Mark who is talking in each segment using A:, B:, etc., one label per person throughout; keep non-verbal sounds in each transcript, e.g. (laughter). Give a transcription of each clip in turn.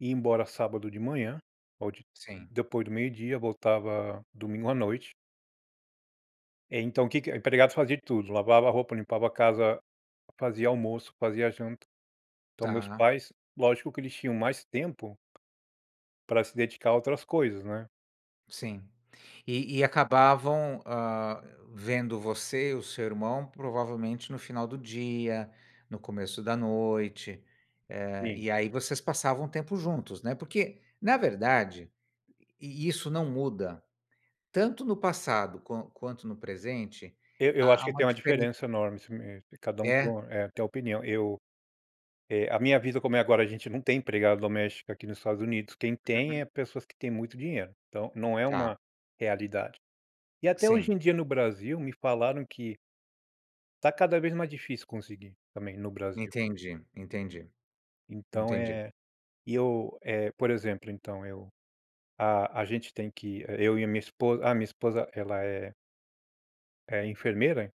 A: Ir embora sábado de manhã, ou de
B: Sim.
A: depois do meio dia, voltava domingo à noite. É, então o que que a empregada fazia tudo, lavava roupa, limpava a casa, fazia almoço, fazia janta. Então, meus
B: Tá.
A: pais, lógico que eles tinham mais tempo pra se dedicar a outras coisas, né?
B: Sim. E e acabavam, hã, vendo você e o seu irmão, provavelmente, no final do dia, no começo da noite. Eh,
A: Sim.
B: e aí vocês passavam um tempo juntos, né? Porque, na verdade, e isso não muda. Tanto no passado, quan quanto no presente,
A: Eu eu acho
B: há há
A: que
B: uma
A: tem uma
B: diferença
A: diferença enorme, isso mesmo, e cada um
B: É?
A: com eh, tem uma opinião. Eu, eh, a minha vida, como é agora, a gente não tem empregada doméstica aqui nos Estados Unidos. Quem tem é
B: Aham.
A: pessoas que têm muito dinheiro. Então, não é
B: Tá.
A: uma realidade. E até hoje
B: Sim.
A: em dia no Brasil me falaram que tá cada vez mais difícil conseguir, também no Brasil.
B: Entendi entendi
A: Então
B: entendi.
A: é, e eu, eh, por exemplo, então eu a a gente tem que eu e a minha esposa ah, a minha esposa, ela é é enfermeira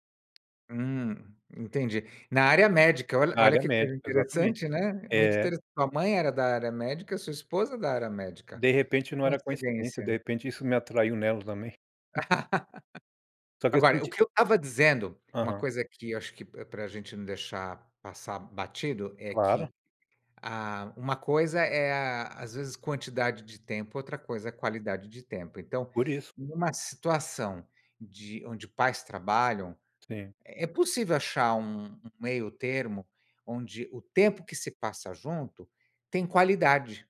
B: Hum, entendi. Na área médica, olha
A: Na
B: olha
A: área
B: que coisa
A: médica, exatamente.
B: interessante, né? Muito
A: É.
B: interessante. Sua mãe era da área médica, sua esposa da área médica,
A: De
B: que
A: repente não era coincidência, de
B: coincidência.
A: repente isso me atraiu nela também. (laughs)
B: (laughs)
A: Só que é o
B: Agora,
A: seguint
B: o que eu estava dizendo, uma
A: Aham.
B: coisa que eu acho que pra pra gente não deixar passar batido, é
A: Claro.
B: que a uma coisa é a às vezes quantidade de tempo, outra coisa é qualidade de tempo. Então,
A: Por isso.
B: numa situação de onde pais trabalham,
A: Sim.
B: é possível achar um um meio termo, onde o tempo que se passa junto, tem qualidade.